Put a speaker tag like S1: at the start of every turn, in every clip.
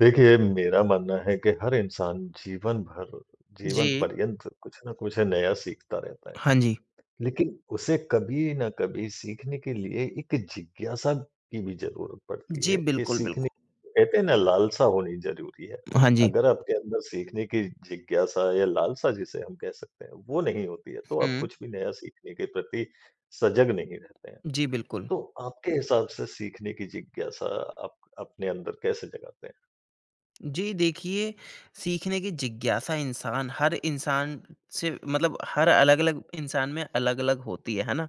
S1: देखिए मेरा मानना है कि हर इंसान जीवन भर, जीवन
S2: जी।
S1: पर्यन्त कुछ न कुछ नया सीखता रहता है।
S2: हाँ जी।
S1: लेकिन उसे कभी न कभी सीखने के लिए एक जिज्ञासा की भी ज़रूरत पड़ती
S2: जी,
S1: है, कि
S2: बिल्कुल बिल्कु
S1: सीखने कहते हैं ना लालसा होनी ज़रूरी है।
S2: हाँ जी।
S1: अगर आपके अंदर सीखने की जिज्ञासा या लालसा जिसे हम कह सकते हैं, वो नहीं होती है तो आप
S2: हुँ।
S1: कुछ भी नया सीखने के प्रति, सजग नहीं रहते हैं।
S2: जी, बिल्कुल।
S1: तो आपके हिसाब से सीखने की जिज्ञासा, आप अपने अंदर कैसे जगाते हैं?
S2: जी देखिए, सीखने की जिज्ञासा इंसान हर इंसान से मतलब हर अलग-अलग इंसान में अलग-अलग होती है। है ना?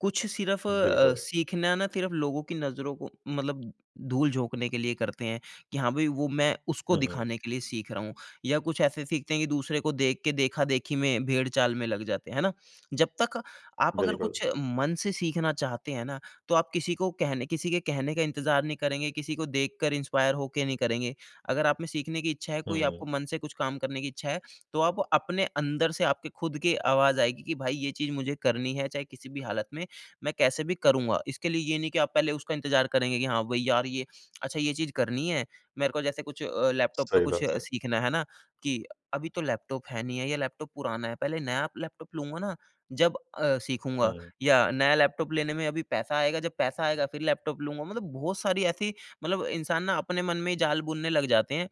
S2: कुछ सिर्फ़ अ,
S1: बिल्कुल।
S2: सीखना ना सिर्फ़ लोगों की नज़रों को मतलब धूल झोंकने के लिए करते हैं कि हाँ भई, वो मैं उसको
S1: हुँ, हुँ।
S2: दिखाने के लिए सीख रहा हूँ या कुछ ऐसे सीखते हैं कि दूसरे को देख के, देखा-देखी में भेड़ चाल में लग जाते हैं। है ना? जब तक आप अगर
S1: बिल्कुल।
S2: कुछ मन से सीखना चाहते हैं ना, तो आप किसी को कहने किसी के कहने का इंतज़ार नहीं करेंगे, किसी को देखकर इंस्पायर हो के नहीं करेंगे। अगर आप में सीखने की इच्छा है, कोई आपको
S1: हुँ।
S2: मन से कुछ काम करने की इच्छा है, तो आप अपने अंदर से आपके खुद के आवाज़ आएगी कि भई ये चीज़ मुझे करनी है, चाहे किसी भी हालत में, मैं कैसे भी करूँगा। इसके लिए ये नहीं कि आप पहले उसका इंतज़ार करेंगे, कि हाँ भई यार ये अच्छा ये चीज़ करनी है। मेरे को जैसे कुछ अ, लैपटॉप पे
S1: सही
S2: कुछ
S1: बात
S2: अ,
S1: है।
S2: सीखना है ना? कि अभी तो लैपटॉप है नहीं है या लैपटॉप पुराना है। पहले नया लैपटॉप लूँगा ना जब अ, सीखूँगा
S1: हुँ।
S2: या नया लैपटॉप लेने में अभी पैसा आएगा, जब पैसा आएगा फिर लैपटॉप लूँगा, मतलब बहुत सारी ऐसी मतलब इंसान ना अपने मन में ही जाल बुनने लग जाते हैं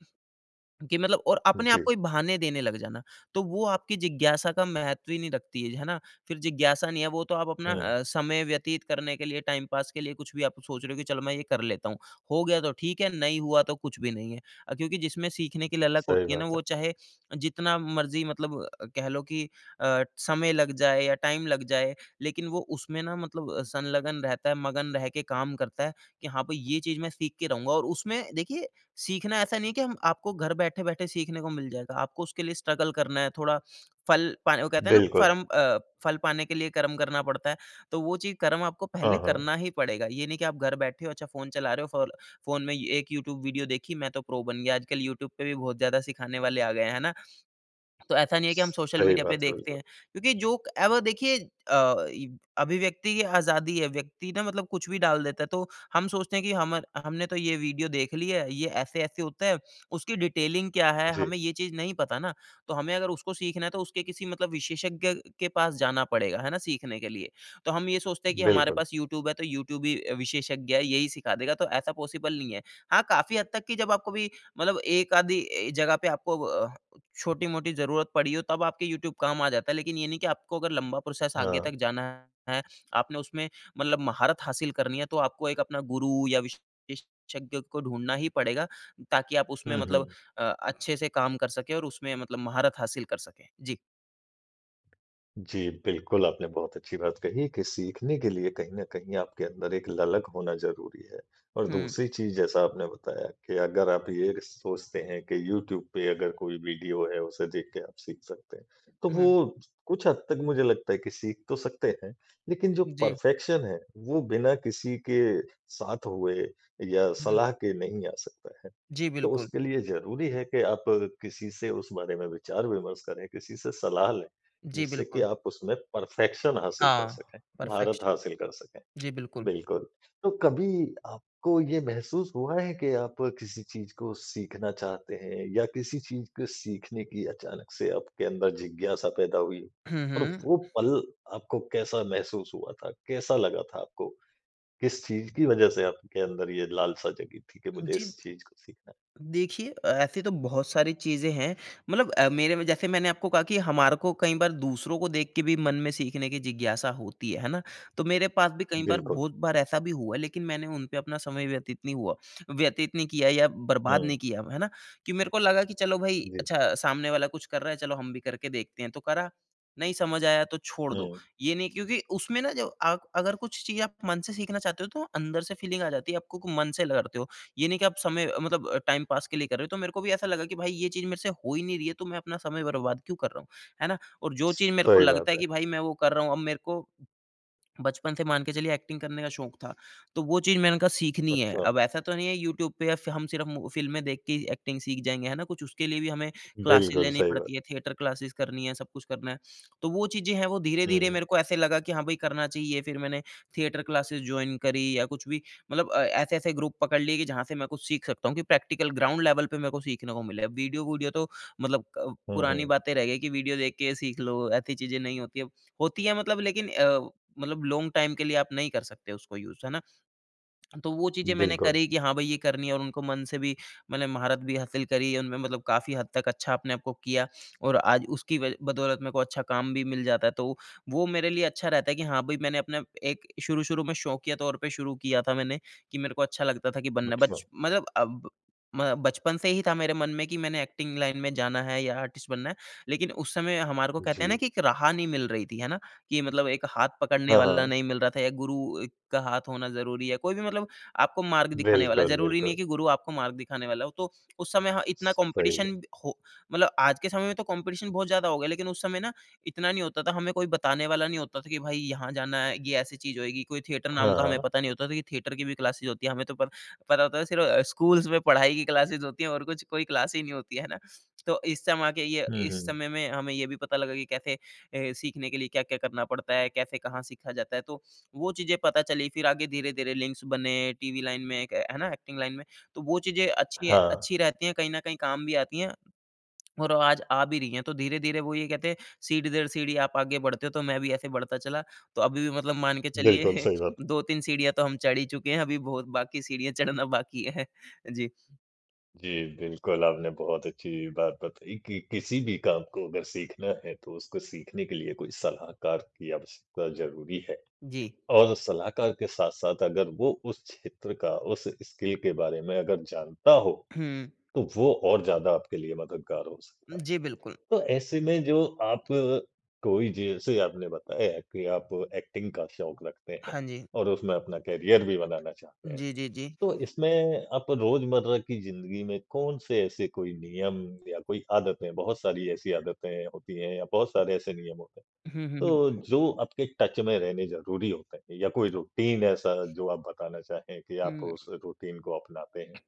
S2: कि मतलब और अपने आप
S1: जी।
S2: को ही बहाने देने लग जाना। तो वो आपकी जिज्ञासा का महत्व ही नहीं रखती है। है ना? फिर जिज्ञासा नहीं है वो तो आप अपना
S1: हुँ।
S2: अ, समय व्यतीत करने के लिए टाइम पास के लिए कुछ भी आप सोच रहे हो, कि चलो मैं ये कर लेता हूँ। हो गया तो ठीक है नहीं हुआ तो कुछ भी नहीं है। अ, क्योंकि जिसमें सीखने की ललक
S1: सही
S2: होती है ना
S1: बात है।
S2: वो चाहे अ, जितना मर्ज़ी मतलब कह लो कि अ, समय लग जाए या टाइम लग जाए लेकिन वो उसमें ना मतलब अ, संलगन रहता है मगन रहके काम करता है कि हाँ भई, ये चीज़ मैं सीख के रहूँगा और उसमें देखिए सीखना ऐसा नहीं है कि हम आपको घर बैठे-बैठे सीखने को मिल जाएगा। आपको उसके लिए स्ट्रगल करना है, थोड़ा फल पा वो कहते है ना?
S1: बिल्कुल।
S2: फरम अ, फल पाने के लिए कर्म करना पड़ता है। तो वो चीज़ कर्म आपको पहले
S1: हाँ, हाँ।
S2: करना ही पड़ेगा। ये नहीं कि आप घर बैठे हो अच्छा फ़ोन चला रहे हो फ़ोल फ़ोन में एक यूट्यूब वीडियो देखी मैं तो प्रो बन गया। आजकल यूट्यूब पे भी बहुत ज़्यादा सिखाने वाले आ गए हैं। है ना? तो ऐसा नहीं है कि हम सोशल
S1: सही
S2: मीडिया पे
S1: बात है
S2: देखते
S1: बिल्कुल।
S2: हैं, क्योंकि जो क ए, व देखिए अ, ये अभिव्यक्ति की आज़ादी है, व्यक्ति ना मतलब कुछ भी डाल देता है तो हम सोचते हैं कि हमर हमने तो ये वीडियो देख ली है, ये ऐसे-ऐसे होता है। उसकी डिटेलिंग क्या है?
S1: जी।
S2: हमें ये चीज़ नहीं पता ना, तो हमें अगर उसको सीखना है, तो उसके किसी मतलब विशेषज्ञ के पास जाना पड़ेगा। है ना? सीखने के लिए। तो हम ये सोचते हैं कि हमारे
S1: बिल्कुल।
S2: पास यूट्यूब है तो यूट्यूब ही अ, विशेषज्ञ है यही सिखा देगा, तो ऐसा पॉसिबल नहीं है। हाँ काफ़ी हद तक कि जब आप कभी मतलब एक-आधी ए, जगह पे आपको व छोटी-मोटी ज़रूरत पड़ी हो तब आपके यूट्यूब काम आ जाता है। लेकिन ये नहीं कि आपको अगर लंबा प्रोसेस आगे तक
S1: हाँ।
S2: जाना है, आपने उसमें मतलब महारत हासिल करनी है तो आपको एक अपना गुरु या विशेषज्ञ को ढूँढना ही पड़ेगा, ताकि आप उसमें
S1: हुँ,
S2: मतलब
S1: हुँ।
S2: अ, अच्छे से काम कर सके और उसमें मतलब महारत हासिल कर सकें। जी।
S1: जी। बिल्कुल, आपने बहुत अच्छी बात कही कि सीखने के लिए कहीं न कहीं आपके अंदर एक ललक होना ज़रूरी है। और
S2: हुँ।
S1: दूसरी चीज़ जैसा आपने बताया कि अगर आप ये सोचते हैं कि यूट्यूब पे अगर कोई वीडियो है उसे देख के आप सीख सकते हैं। तो
S2: हुँ।
S1: वो कुछ हद तक मुझे लगता है कि सीख तो सकते हैं लेकिन जो
S2: जी।
S1: पर्फ़ेक्शन है वो बिना किसी के साथ हुए या
S2: हुँ।
S1: सलाह के नहीं आ सकता है।
S2: जी,
S1: तो
S2: बिल्कुल।
S1: उसके लिए ज़रूरी है कि आप अ, किसी से उस बारे में विचार-विमर्श करें किसी से सलाह लें।
S2: जी,
S1: जिससे कि
S2: बिल्कुल।
S1: आप उसमें पर्फ़ेक्शन हासिल कर
S2: हाँ,
S1: सकें। महारत
S2: पर्फेक्शन।
S1: हासिल कर सकें।
S2: जी, बिल्कुल।
S1: बिल्कुल। तो कभी आपको ये महसूस हुआ है कि आप किसी चीज़ को सीखना चाहते हैं या किसी चीज़ को सीखने की अचानक से आपके अंदर जिज्ञासा पैदा हुई?
S2: हुँ,
S1: और
S2: हुँ।
S1: वो पल आपको कैसा महसूस हुआ था, कैसा लगा था आपको? किस चीज़ की वज़ह से आपके अंदर ये लालसा जगी थी कि मुझे
S2: जी।
S1: इस चीज़ को सीखना है?
S2: देखिए ऐसे तो बहुत सारी चीज़ें हैं। मतलब अ, मेरे में जैसे मैंने आपको कहा कि हमारे को कई बार दूसरों को देख के भी मन में सीखने की जिज्ञासा होती है, है ना? तो मेरे पास भी कई बार
S1: बिल्कुल।
S2: बहुत बार ऐसा भी हुआ है लेकिन मैंने उन पे अपना समय व्यतीत नहीं हुआ व्यतीत नहीं किया या बर्बाद नहीं
S1: हुँ।
S2: किया, है ना? कि मेरे को लगा कि चलो भई
S1: जी।
S2: अच्छा सामने वाला कुछ कर रहा है चलो हम भी करके देखते हैं तो करा। नहीं समझ आया तो छोड़ दो।
S1: हुँ।
S2: ये नहीं क्योंकि उसमें ना जो आप अगर कुछ चीज़ आप मन से सीखना चाहते हो तो अंदर से फ़ीलिंग आ जाती है आपको मन से लहरते हो। ये नहीं कि आप समय मतलब अ, टाइम पास के लिए कर रहे हो। तो मेरे को भी ऐसा लगा कि भई ये चीज़ मेरे से हो ही नहीं रही है तो मैं अपना समय बर्बाद क्यों कर रहा हूँ, है ना? और जो चीज़ मेरे को
S1: सही
S2: लगता
S1: बात
S2: है
S1: है।
S2: कि भाई मैं वो कर रहा हूँ अब मेरे को बचपन से मान के चलिए एक्टिंग करने का शौक था। तो वो चीज़ मैंने कहा सीखनी है।
S1: अच्छा।
S2: अब ऐसा तो नहीं है यूट्यूब पे स हम सिर्फ़ फ़िल्में देख के ही एक्टिंग सीख जाएँगे है ना। कुछ उसके लिए भी हमें क्लासेस
S1: बिल्कुल
S2: लेनी
S1: सही बात।
S2: पड़ती है थिएटर क्लासेज़ करनी है सब कुछ करना है। तो वो चीज़ें हैं वो धीरे-धीरे
S1: हुँ।
S2: मेरे को ऐसे लगा कि हाँ, भई करना चाहिए। फिर मैंने थिएटर क्लासेस जॉइन करी या कुछ भी मतलब अ, ऐसे-ऐसे ग्रुप पकड़ लिए कि जहाँ से मैं कुछ सीख सकता हूँ। कि प्रैक्टिकल ग्राउंड लेवल पे मैं को सीखने को मिले। वीडियो-वूडियो तो मतलब अ,
S1: हुँ,
S2: पुरानी
S1: हुँ।
S2: बातें रह गयी कि वीडियो देख के सीख लो, ऐसी चीज़ें नहीं होती है। होती है मतलब लेकिन अ, मतलब लॉन्ग टाइम के लिए आप नहीं कर सकते उसको यूज़ है ना। तो वो चीज़ें मैंने
S1: बिल्कुल।
S2: करी कि हाँ, भई ये करनी है और उनको मन से भी मैंने महारत भी हासिल करी उनमें मतलब काफ़ी हद तक अच्छा अपने आप को किया। और आज उसकी वज बदौलत मेरे को अच्छा काम भी मिल जाता है। तो वो मेरे लिए अच्छा रहता है कि हाँ, भई मैंने अपना एक शुरू-शुरू में शौकिया तौर पे शुरू किया था मैंने कि मेरे को अच्छा लगता था। कि बनना बच
S1: अच्छा।
S2: मतलब अब म बचपन से ही था मेरे मन में कि मैंने एक्टिंग लाइन में जाना है या आर्टिस्ट बनना है। लेकिन उस समय हमारे को कहते हैं ना,
S1: जी।
S2: की एक राह नहीं मिल रही थी, है ना, कि मतलब एक हाथ पकड़ने
S1: हाँ,
S2: वाला
S1: हाँ।
S2: नहीं मिल रहा था, या गुरु का हाथ होना ज़रूरी है, कोई भी मतलब आपको मार्ग दिखाने वाला,
S1: बिल्कुल,
S2: ज़रूरी नहीं है
S1: बिल्कुल।
S2: की गुरु आपको मार्ग दिखाने वाला हो, तो उस समय हाँ, इतना
S1: सही
S2: कॉम्पिटिशन
S1: है।
S2: हो, मतलब आज के समय में तो कॉम्पिटिशन बहुत ज़्यादा हो गए लेकिन उस समय ना इतना नहीं होता था, हमें कोई बताने वाला नहीं होता था कि भाई यहाँ जाना है, ये ऐसी चीज़ होएगी, कोई थिएटर नाम का हमें
S1: हाँ।
S2: पता नहीं होता था कि थिएटर की भी क्लासेस होती है। हमें तो प पता होता है सिर्फ़ स्कूल्स में पढ़ाई की क्लासेज़ होती हैं और कुछ कोई क्लास ही नहीं होती है है ना। तो इस समा के ये
S1: हुँ,
S2: इस
S1: हुँ।
S2: समय में हमें ये भी पता लगा कि कैसे हे सीखने के लिए क्या-क्या करना पड़ता है? कैसे कहाँ सीखा जाता है? तो वो चीज़ें पता चली फिर आगे धीरे-धीरे लिंक्स बने। टीवी लाइन में एक है ना, एक्टिंग लाइन में तो वो चीज़ें अच्छी
S1: हाँ।
S2: अच्छी रहती हैं कहीं न कहीं काम भी आती हैं और आज आ भी रही है। तो धीरे-धीरे वो ये कहते हैं सीढ़ी दर सीढ़ी आप आगे बढ़ते हो तो मैं भी ऐसे बढ़ता चला। तो अभी भी मतलब मान के चलिए
S1: बिल्कुल सही बात।
S2: 2-3 सीढ़ियाँ तो हम चढ़ ही चुके हैं। अभी बहुत बाकी सीढ़ियाँ चढ़ना बाकी है। जी।
S1: जी। बिल्कुल, आपने बहुत अच्छी बात बताई कि किसी भी काम को अगर सीखना है तो उसको सीखने के लिए कोई सलाहकार की आवश्यकता ज़रूरी है।
S2: जी।
S1: और सलाहकार के साथ-साथ अगर वो उस क्षेत्र का उस स्किल के बारे में अगर जानता हो
S2: हुँ।
S1: तो वो और ज़्यादा आपके लिए मददगार हो सकता है।
S2: जी, बिल्कुल।
S1: तो ऐसे में जो आप अ, कोई जैसे आपने बताया कि आप एक्टिंग का शौक रखते हैं।
S2: हाँ जी।
S1: और उसमें अपना करियर भी बनाना चाहते हैं।
S2: जी, जी, जी।
S1: तो इसमें आप रोजमर्रा की ज़िंदगी में कौन-से ऐसे कोई नियम या कोई आदतें बहुत सारी ऐसी आदतें होती हैं या बहुत सारे ऐसे नियम होते हैं
S2: हुँ, हुँ, हुँ।
S1: तो जो आपके टच में रहने ज़रूरी होते है? या कोई रूटीन ऐसा जो आप बताना चाहे की आप उस
S2: उ।
S1: रूटीन को अपनाते हैं?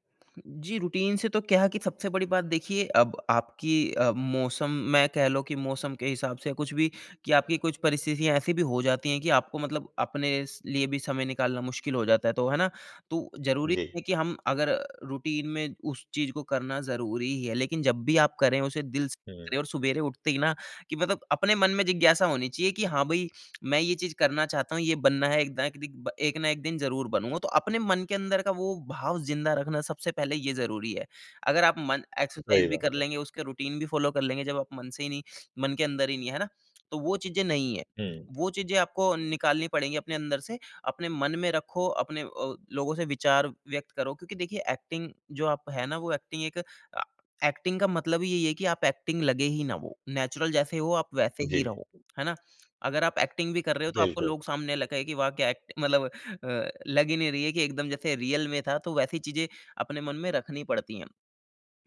S2: जी। रूटीन से तो क्या है कि सबसे बड़ी बात देखिए अब आपकी अ, मौसम मैं कह लो कि मौसम के हिसाब से कुछ भी कि आपकी कुछ परिस्थितियाँ ऐसी भी हो जाती हैं कि आपको मतलब अपने स लिए भी समय निकालना मुश्किल हो जाता है। तो है ना, तो ज़रूरी
S1: जी।
S2: है कि हम अगर अ, रूटीन में उस चीज़ को करना ज़रूरी ही है लेकिन जब भी आप करें उसे दिल से करें।
S1: हुँ।
S2: और सवेरे उठते ही ना, कि मतलब अपने मन में जिज्ञासा होनी चाहिए कि हाँ, भई मैं ये चीज़ करना चाहता हूँ, ये बनना है एक दा एक दिक एक न एक दिन ज़रूर बनूँगा। तो अपने मन के अंदर का वो भाव ज़िंदा रखना सबसे पहले ये ज़रूरी है। अगर आप मन एक्सरसाइज़
S1: वहीं
S2: भी
S1: बात
S2: कर
S1: है।
S2: लेंगे, उसका रूटीन भी फ़ॉलो कर लेंगे जब आप मन से ही नहीं मन के अंदर ही नहीं, है ना, तो वो चीज़ें नहीं है।
S1: हुँ।
S2: वो चीज़ें आपको निकालनी पड़ेंगी अपने अंदर से। अपने मन में रखो अपने अ, लोगों से विचार व्यक्त करो क्योंकि देखिए एक्टिंग जो आप है ना, वो एक्टिंग एक अ, एक्टिंग का मतलब ही यही है कि आप एक्टिंग लगे ही ना वो। नेचुरल जैसे हो आप वैसे
S1: जी।
S2: ही रहो, है ना? अगर आप एक्टिंग भी कर रहे हो तो आपको
S1: बिल्कुल।
S2: लोग सामने लगे कि वाह क्या एक्ट मतलब अ, लग ही नहीं रही है कि एकदम जैसे रियल में था तो वैसी चीज़ें अपने मन में रखनी पड़ती हैं।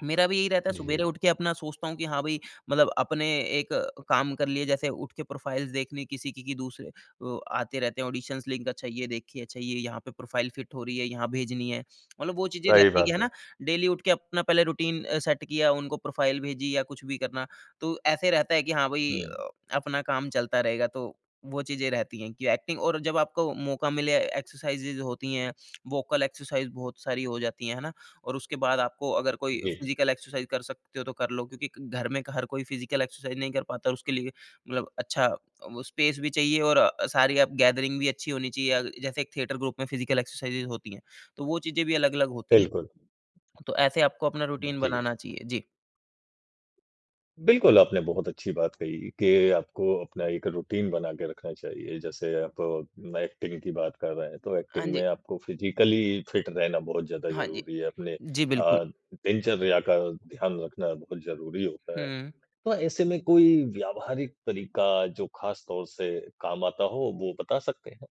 S2: मेरा भी यही रहता है
S1: जी।
S2: सुवेरे उठ के अपना सोचता हूँ कि हाँ, भई मतलब अपने एक अ, काम कर लिए जैसे उठ के प्रोफाइल्स देखने किसी की कि दूसरे अ, आते रहते हैं ऑडिशंस लिंक अच्छा ये देखिए अच्छा ये यहाँ पे प्रोफाइल फिट हो रही है यहाँ भेजनी है। मतलब वो चीज़ें
S1: सही
S2: रहती है कि है
S1: बात है।
S2: ना, डेली उठ के अपना पहले रूटीन सेट किया उनको प्रोफाइल भेजी या कुछ भी करना तो ऐसे रहता है कि हाँ, भई
S1: हुँ।
S2: अपना काम चलता रहेगा तो वो चीज़ें रहती हैं कि एक्टिंग और जब आपको मौका मिले एक्सरसाइजेज़ होती हैं वोकल एक्सरसाइज़ बहुत सारी हो जाती है, है ना? और उसके बाद आपको अगर कोई
S1: जी।
S2: फिज़िकल एक्सरसाइज़ कर सकते हो तो कर लो। क्योंकि घर में हर कोई फिज़िकल एक्सरसाइज़ नहीं कर पाता और उसके लिए मतलब अच्छा वो स्पेस भी चाहिए और अ, सारी अप गैदरिंग भी अच्छी होनी चाहिए। अ, जैसे एक थिएटर ग्रुप में फिज़िकल एक्सरसाइज़ेस होती हैं तो वो चीज़ें भी अलग-अलग होती हैं।
S1: बिल्कुल।
S2: तो ऐसे आपको अपना रूटीन
S1: जी।
S2: बनाना चाहिए। जी।
S1: बिल्कुल आपने बहुत अच्छी बात कही कि आपको अपना एक रूटीन बना के रखना चाहिए जैसे आप एक्टिंग की बात कर रहे हैं तो
S2: हाँ
S1: एक्टिंग
S2: जी।
S1: में आपको फ़िज़िकली फ़िट रहना बहुत ज़्यादा
S2: हाँ जी।
S1: ज़रूरी है। अपने
S2: जी, बिल्कुल।
S1: अ, दिनचर्या का ध्यान रखना बहुत ज़रूरी होता है।
S2: हुँ।
S1: तो ऐसे में कोई व्यावहारिक तरीका जो ख़ास तौर से काम आता हो वो बता सकते हैं?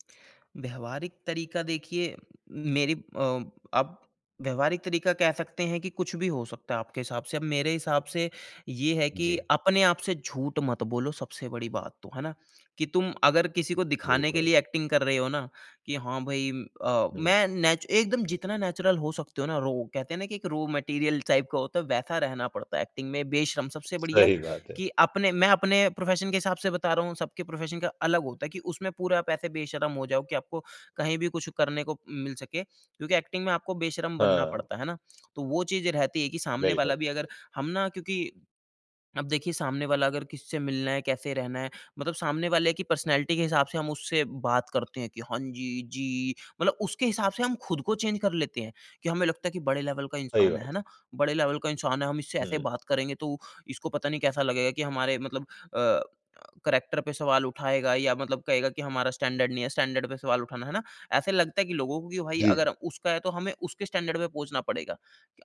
S2: व्यावहारिक तरीका देखिए, मेरी अ, आप व्यावहारिक तरीका कह सकते हैं कि कुछ भी हो सकता है आपके हिसाब से, अब मेरे हिसाब से ये है कि
S1: जी।
S2: अपने आप से झूठ मत बोलो सबसे बड़ी बात तो, है ना? कि तुम अगर किसी को दिखाने के
S1: बिल्कुल।
S2: लिए एक्टिंग कर रहे हो ना, कि हाँ, भई अ,
S1: हुँ।
S2: मैं नेचु एकदम जितना नेचुरल हो सकते हो ना रहो। कहते हैं ना, कि एक रॉ मटेरियल टाइप का होता है वैसा रहना पड़ता है एक्टिंग में बेशर्म। सबसे बढ़िया
S1: सही बात है।
S2: कि अपने मैं अपने प्रोफ़ेशन के हिसाब से बता रहा हूँ। सबके प्रोफ़ेशन का अलग होता है कि उसमें पूरा आप ऐसे बेशर्म हो जाओ कि आपको कहीं भी कुछ करने को मिल सके क्योंकि एक्टिंग में आपको बेशर्म बनना
S1: हाँ।
S2: पड़ता है ना? तो वो चीज़ें रहती हैं कि सामने
S1: बिल्कुल।
S2: वाला भी अगर हम ना क्योंकि अब देखिए सामने वाला अगर किससे मिलना है, कैसे रहना है। मतलब सामने वाले की पर्सनैलिटी के हिसाब से हम उससे बात करते हैं कि हाँ जी, जी। मतलब उसके हिसाब से हम खुद को चेंज कर लेते हैं। कि हमें लगता है कि बड़े लेवल का
S1: सही
S2: इंसान
S1: बात
S2: है, है
S1: है।
S2: ना? बड़े लेवल का इंसान है, हम इससे ऐसे
S1: हुँ।
S2: बात करेंगे तो इसको पता नहीं कैसा लगेगा कि हमारे मतलब अ, कैरेक्टर पे सवाल उठाएगा या मतलब कहेगा कि हमारा स्टैंडर्ड नहीं है, स्टैंडर्ड पे सवाल उठाना है ना? ऐसे लगता है कि लोगों को कि भई
S1: जी।
S2: अगर उसका है तो हमें उसके स्टैंडर्ड पे पहुँचना पड़ेगा।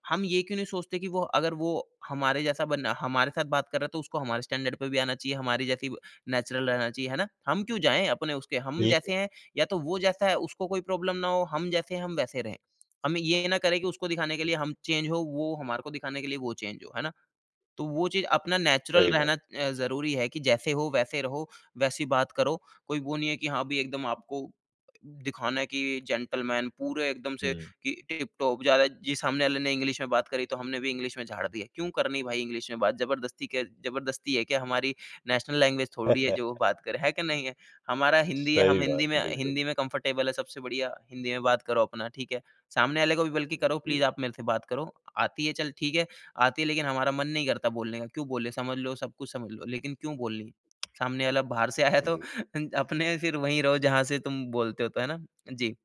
S2: हम ये क्यों नहीं सोचते कि वो अगर वो हमारे जैसा बनना हमारे साथ बात कर रहा है तो उसको हमारे स्टैंडर्ड पे भी आना चाहिए, हमारी जैसे ही नेचुरल रहना चाहिए, है ना? हम क्यों जाएँ? अपने उसके हम
S1: बिल्कुल।
S2: जैसे हैं, या तो वो जैसा है उसको कोई प्रॉब्लम ना हो, हम जैसे हैं हम वैसे रहें। हम ये ना करें कि उसको दिखाने के लिए हम चेंज हों वो हमारे को दिखाने के लिए वो चेंज हो, है ना? तो वो चीज़ अपना नेचुरल
S1: सही बात है।
S2: रहना अ, ज़रूरी है कि जैसे हो वैसे रहो, वैसी बात करो, कोई वो नहीं है कि हाँ, भई एकदम आपको दिखाना है कि जेंटलमैन पूरे एकदम से
S1: हुँ।
S2: कि टिप-टॉप ज़्यादा जी सामने वाले ने इंग्लिश में बात करी तो हमने भी इंग्लिश में झाड़ दिया है। क्यों करनी भई इंग्लिश में बात ज़बरदस्ती के ज़बरदस्ती है क्या हमारी नेशनल लैंग्वेज थोड़ी है जो बात करें। है कि नहीं है। हमारा हिंदी है हम
S1: सही बात,
S2: हिंदी में
S1: बिल्कुल।
S2: हिंदी में कंफ़र्टेबल हैं सबसे बढ़िया, हिंदी में बात करो अपना ठीक है? सामने वाले को भी बल्कि करो प्लीज़
S1: जी।
S2: आप मेरे से बात करो। आती है चल ठीक है, आती है लेकिन हमारा मन नहीं करता बोलने का, क्यों बोले समझ लो सब कुछ समझ लो लेकिन क्यों बोलनी? सामने वाला बाहर से आया तो
S1: जी।
S2: अपने फिर वहीं रहो जहाँ से तुम बोलते हो तो, है ना? जी।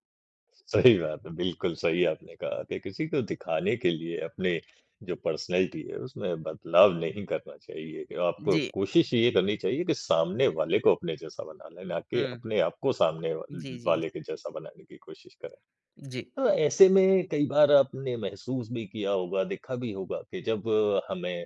S1: सही बात है बिल्कुल सही आपने कहा कि किसी को दिखाने के लिए अपने जो पर्सनैलिटी है उसमें बदलाव नहीं करना चाहिए। आपको
S2: जी।
S1: कोशिश ये करनी चाहिए कि सामने वाले को अपने जैसा बना लें ना कि
S2: हुँ।
S1: अपने आपको सामने व
S2: जी, जी।
S1: वाले के जैसा बनाने की कोशिश करें।
S2: जी।
S1: तो ऐसे में कई बार आपने महसूस भी किया होगा, देखा भी होगा कि जब हमें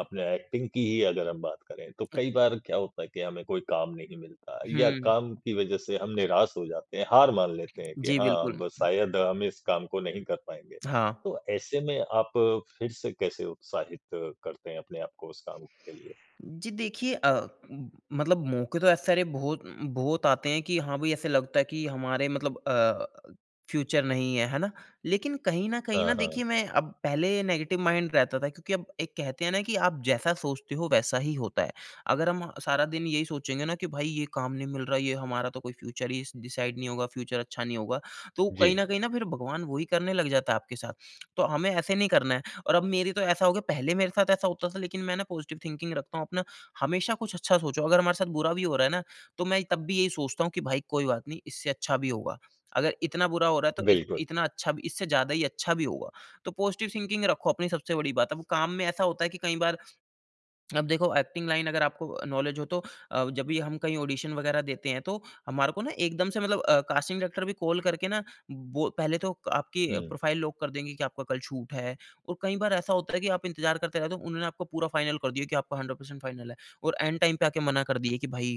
S1: अपने एक्टिंग की ही अगर हम बात करें, तो
S2: अ
S1: कई बार क्या होता है कि हमें कोई काम नहीं मिलता या
S2: हुँ।
S1: काम की वजह से हम निराश हो जाते हैं। हार मान लेते हैं कि
S2: जी,
S1: हाँ, अब
S2: बिल्कुल।
S1: शायद हम इस काम को नहीं कर पाएँगे।
S2: हाँ।
S1: तो ऐसे में आप फ़िर से कैसे उत्साहित करते हैं अपने आपको उस काम के लिए?
S2: जी देखिए अ, मतलब मौके तो ऐसे सारे बहुत उ उम, बहुत आते हैं कि हाँ भाई ऐसे लगता है कि हमारे मतलब अ, फ़्यूचर नहीं है, है ना? लेकिन कहीं न कहीं
S1: हाँ,
S2: ना
S1: हाँ।
S2: देखिए मैं अब पहले नेगेटिव माइंड रहता था क्योंकि अब एक कहते हैं ना कि आप जैसा सोचते हो वैसा ही होता है। अगर हम सारा दिन यही सोचेंगे ना कि भई ये काम नहीं मिल रहा ये हमारा तो कोई फ़्यूचर ही स डिसाइड नहीं होगा फ़्यूचर अच्छा नहीं होगा। तो कहीं न
S1: जी।
S2: कहीं ना फ़िर भगवान वो ही करने लग जाता है आपके साथ। तो हमें ऐसे नहीं करना है। और अब मेरी तो ऐसा हो गया पहले मेरे साथ ऐसा होता था लेकिन मैं ना पॉज़िटिव थिंकिंग रखता हूँ अपना हमेशा कुछ अच्छा सोचो। अगर हमारे साथ बुरा भी हो रहा है ना तो मैं तब भी यही सोचता हूँ कि भई कोई बात नहीं इससे अच्छा भी होगा। अगर इतना बुरा हो रहा है तो
S1: बिल्कुल।
S2: इत-इतना अच्छा भी इससे ज़्यादा ही अच्छा भी होगा। तो पॉज़िटिव थिंकिंग रखो अपनी सबसे बड़ी बात है। अब काम में ऐसा होता है कि कई बार अब देखो एक्टिंग लाइन अगर आपको नॉलेज हो तो अ, जब भी हम कहीं ऑडिशन वगैरह देते हैं। तो हमारे को ना एकदम से मतलब अ, कास्टिंग डायरेक्टर भी कॉल करके ना बोल पहले तो आपकी
S1: हुँ।
S2: प्रोफाइल लॉक कर देंगे कि आपका कल शूट है और कई बार ऐसा होता है कि आप इंतजार करते रहे। तो उन्होंने आपको पूरा फ़ाइनल कर दिया कि आपका 100% फाइनल है और एंड टाइम पे आके मना कर दिया कि भई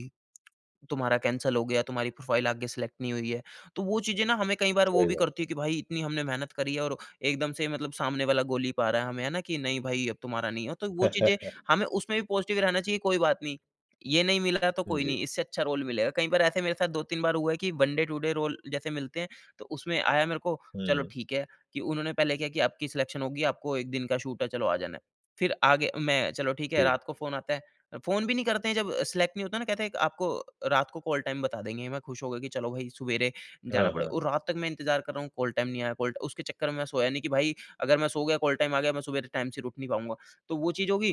S2: तुम्हारा कैंसल हो गया तुम्हारी प्रोफाइल आगे सेलेक्ट नहीं हुई है। तो वो चीज़ें ना हमें कई बार वो
S1: सही
S2: भी
S1: बात
S2: करती
S1: है।
S2: है कि भई इतनी हमने मेहनत करी है और एकदम से मतलब सामने वाला गोली पा रहा है हमें है ना कि नहीं भई अब तुम्हारा नहीं है। तो वो चीज़ें हमें उसमें भी पॉज़िटिव रहना चाहिए कोई बात नहीं। ये नहीं मिलता तो कोई
S1: जी।
S2: नहीं इससे अच्छा रोल मिलेगा। कई बार ऐसे मेरे साथ 2-3 बार हुआ है कि one day to day role जैसे मिलते हैं तो उसमें आया मेरे को, चलो
S1: हुँ।
S2: ठीक है कि उन्होंने पहले क्या कि आपकी सिलेक्शन होगी आपको एक दिन का शूट है चलो आ जाना है। फ़िर आगे मैं चलो ठीक है
S1: ठी
S2: रात को फ़ोन आता है। फ़ोन भी नहीं करते हैं जब सेलेक्ट नहीं होता ना कहते हैं आपको रात को कॉल टाइम बता देंगे। मैं खुश हो गया कि चलो भई सुवेरे जाना
S1: हाँ,
S2: पड़ेगा
S1: हाँ।
S2: और रात तक मैं इंतज़ार कर रहा हूँ कॉल टाइम नहीं आया कॉल ट उसके चक्कर में मैं सोया नहीं कि भई अगर मैं सो गया कॉल टाइम आ गया मैं सुबेरे टाइम से उठ नहीं पाऊँगा। तो वो चीज़ हो गई।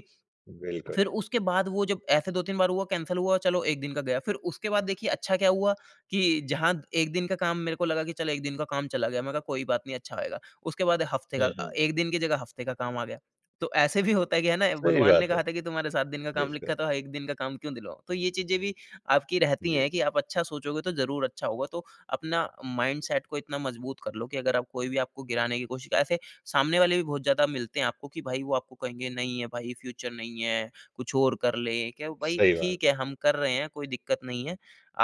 S1: बिल्कुल।
S2: फ़िर उसके बाद वो जब ऐसे 2-3 बार हुआ कैंसल हुआ चलो 1 दिन का गया फ़िर उसके बाद देखिए अच्छा क्या हुआ कि जहाँ 1 दिन का काम मेरे को लगा कि चलो 1 दिन का काम चला गया मैंने कहा, "कोई बात नहीं अच्छा आएगा।" उसके बाद हफ़्ते
S1: हुँ,
S2: का
S1: हुँ।
S2: 1 दिन की जगह हफ़्ते का काम आ गया। तो ऐसे भी होता है कि है ना
S1: सही
S2: भगवान ने
S1: बात है।
S2: कहा था कि तुम्हारे 7 दिन का काम लिखा
S1: बिल्कुल।
S2: है तो 1 दिन का काम क्यों दिलवाऊँ? तो ये चीज़ें भी आपकी रहती
S1: जी।
S2: है कि आप अच्छा सोचोगे तो ज़रूर अच्छा होगा। तो अपना माइंडसेट को इतना मजबूत कर लो कि अगर आप कोई भी आपको गिराने की कोशिश ऐसे सामने वाले भी बहुत ज़्यादा मिलते हैं आपको कि भई वो आपको कहेंगे, "नहीं है भई फ़्यूचर नहीं है कुछ और कर ले।" क्या ओ भई
S1: सही
S2: ठीक
S1: बात।
S2: है हम कर रहे हैं कोई दिक्कत नहीं है।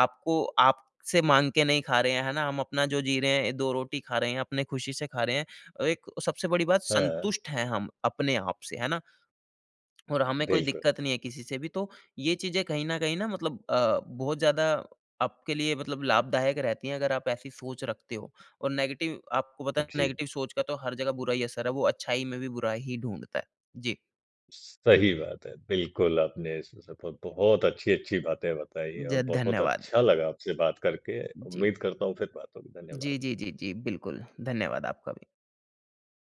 S2: आपको आपसे माँग के नहीं खा रहे हैं है ना? हम अपना जो जी रहे हैं, 2 रोटी खा रहे हैं, अपनी खुशी से खा रहे हैं और 1 सबसे बड़ी बात
S1: हाँ।
S2: संतुष्ट हैं हम अपने आप से, है ना? और हमें कोई
S1: बिल्कुल।
S2: दिक्कत नहीं है किसी से भी तो ये चीज़ें कहीं न कहीं ना मतलब अ, बहुत ज़्यादा आपके लिए मतलब लाभदायक रहती हैं अगर आप ऐसी सोच रखते हो। और नेगेटिव आपको पता है
S1: जी।
S2: नेगेटिव सोच का तो हर जगह बुरा ही असर है वो अच्छाई में भी बुरा ही ढूँढता है। जी।
S1: स सही बात है। बिल्कुल आपने इस स ब ब बहुत अच्छी-अच्छी बातें बताई
S2: ज
S1: और बहुत
S2: धन्यवाद।
S1: अच्छा लगा आपसे बात करके
S2: जी।
S1: उम्मीद करता हूँ फ़िर बात होगी।
S2: जी,
S1: धन्यवाद।
S2: जी, जी, जी बिल्कुल। धन्यवाद आपका भी।